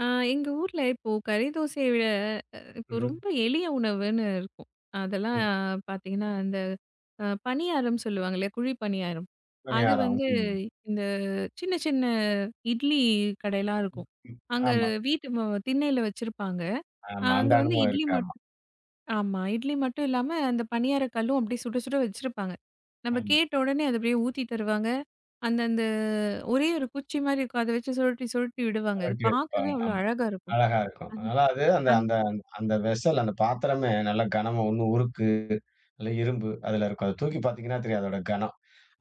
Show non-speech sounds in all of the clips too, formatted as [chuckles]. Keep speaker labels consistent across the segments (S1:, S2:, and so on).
S1: ஆ, எங்க ஊர்ல இப்போ கறி தோசைய விட, இப்போ
S2: உஹ்ம்.
S1: ரொம்ப எளிய உணவுன்னு இருக்கும். அதெல்லாம்
S2: ம்.
S1: பாத்தீங்கன்னா அந்த, அ பணியாரம் சொல்லுவாங்க இல்லையா? குழி பணியாரம்.
S2: இவங்க
S1: அது
S2: யாரும்.
S1: வந்து,
S2: [unintelligible]
S1: இந்த சின்ன, சின்ன இட்லி கடையெல்லாம் இருக்கும்.
S2: ம்ஹ்ம்,
S1: அங்க
S2: ஆமா.
S1: வீட்டு மு திண்ணையில வச்சிருப்பாங்க. ஆ,
S2: ஆமா. அந்த
S1: அங்க வந்து
S2: அனுபவம்
S1: இட்லி
S2: இருக்கு,
S1: மட்டு
S2: ஆமா.
S1: ஆமா, இட்லி மட்டும் இல்லாம அந்த பணியாரக் கல்லும் அப்படியே சுடச் சுட வச்சிருப்பாங்க. நம்ம
S2: ஆமா.
S1: கேட்ட உடனே, அது அப்படியே ஊத்தித் தருவாங்க. அந்த அந்த ஒரே ஒரு குச்சி மாதிரி இருக்கும். அதை வச்சு சுழட்டி, சுழட்டி விடுவாங்க. அது பாக்கவே
S2: ஆட்டிவைப்பாங்க.
S1: அவ்வளவு
S2: ஆமா,
S1: அழகா இருக்கும்.
S2: அழகா இருக்கும்.
S1: அந்
S2: அதாவது அது, அந்த
S1: அந்
S2: அந்த அந்த வெஸல், அந்த பாத்திரமே நல்லா கனமா, ஒண்ணு உருக்கு, இல்ல இரும்பு அதுல இருக்கும். அதை தூக்கிப் பாத்தீங்கன்னா தெரியும், அதோட கனம்.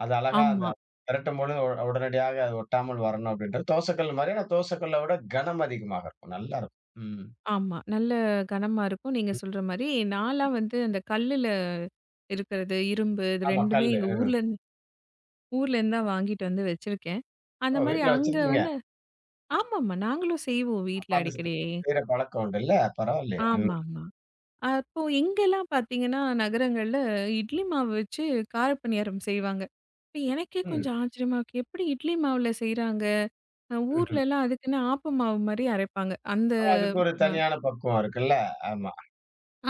S2: அது அழகா அந்த
S1: ஆமா.
S2: பிரட்டும் பொழுது ஒட உடனடியாக அது ஒட்டாமல் வரணும் அப்படின்றது தோசைக்கல்லு மாதிரி, ஆனா தோசைக்கல்லை விட கனம் அதிகமாக இருக்கும், நல்லா இருக்கும். ம்.
S1: ஆமா. நல்ல கனமா இருக்கும். நீங்க
S2: ம்,
S1: சொல்ற மாரி. நான் எல்லாம் வந்து அந்த கல்லுல இருக்கிறது, இரும்பு இது
S2: ஆமா,
S1: 2மே
S2: கல்லு.
S1: எங்க
S2: ம்.
S1: ஊர்ல இருந்து ஊர்ல இருந்துதான் வாங்கிட்டு வந்து வச்சிருக்கேன். அந்த
S2: ஓ!
S1: மாதிரி
S2: வீட்ல
S1: அங்க
S2: வச்சிருக்கீங்க.
S1: வந்து ஆமா, ஆமா, நாங்களும் செய்வோம் வீட்ல
S2: அப்போ அந்த [unintelligible]
S1: அடிக்கடி.
S2: செய்ற பழக்கம் உண்டு இல்ல? பரவாயில்லையே! ம்.
S1: ஆமா, ஆமா. அப்போ இங்கெல்லாம் பாத்தீங்கன்னா நகரங்கள்ல, இட்லி மாவு வச்சு காரப்பணியாரம் செய்வாங்க. இப்ப எனக்கே
S2: ம்.
S1: கொஞ்சம் ஆச்சரியமா இருக்கு, எப்டி இட்லி மாவுல செய்றாங்க?
S2: ம்ஹ்ம்.
S1: ஊர்ல எல்லாம் அதுக்குன்னே ஆப்ப மாவு மாதிரி அரைப்பாங்க. அந்த
S2: ஆனா, அதுக்கு ஒரு
S1: அ.
S2: தனியான பக்குவம் இருக்குல? ஆமா.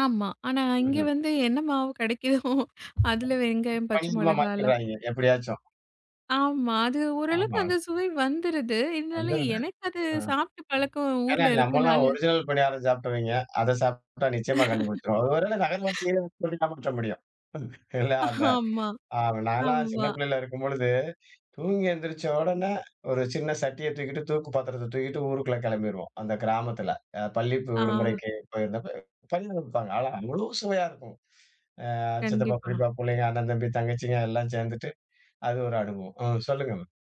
S1: ஆமா. ஆனா, இங்க
S2: ம்ஹ்ம்.
S1: வந்து என்ன மாவு கிடைக்குதோ அதுல வெங்காயம், பச்சை
S2: [unintelligible]
S1: மிளகாய் எல்லாம்
S2: மாத்திருவாய்ங்க எப்படியாச்சும்.
S1: ஆமா. அது ஓரளவுக்கு
S2: ஆமா.
S1: அந்த சுவை வந்துருது. இருந்தாலும்,
S2: வந்துருது.
S1: எனக்கு அது
S2: ஹ்ம்.
S1: சாப்பிட்டு பழக்கம்,
S2: ஏன்னா,
S1: ஊர்ல
S2: நம்ம எல்லாம்
S1: இருக்கனால
S2: ஒரிஜினல் பணியாரம் சாப்பிட்டவங்க, அதை சாப்பிட்டா நிச்சயமா கண்டுபுடிச்சிரும். ஒருவேளை
S1: [laughs]
S2: நகர்வாசியில வந்து [unintelligible] காமிச்ச முடியும். இல்ல, அந்த
S1: [chuckles] ஆம்மா,
S2: அ நான் எல்லாம் சின்ன
S1: ஆம்மா.
S2: பிள்ளையா இருக்கும் பொழுது, தூங்கி எந்திரிச்ச உடனே ஒரு சின்ன சட்டிய தூக்கிட்டு, தூக்கு பாத்திரத்தை தூக்கிட்டு ஊருக்குள்ள கிளம்பிருவோம், அந்த கிராமத்துல, அ பள்ளி
S1: ஆ.
S2: விடுமுறைக்கு போயிருந்தப்ப. பணியாரம் விப்பாங்க, ஆனா, முழு சுவையா இருக்கும். அ சித்தப்பா,
S1: கண்டிப்பா.
S2: பெரியப்பா பிள்ளைங்க, அண்ணன், தம்பி, தங்கச்சிங்க எல்லாம் சேர்ந்துட்டு, அது ஒரு அனுபவம். ம், சொல்லுங்க மேம்.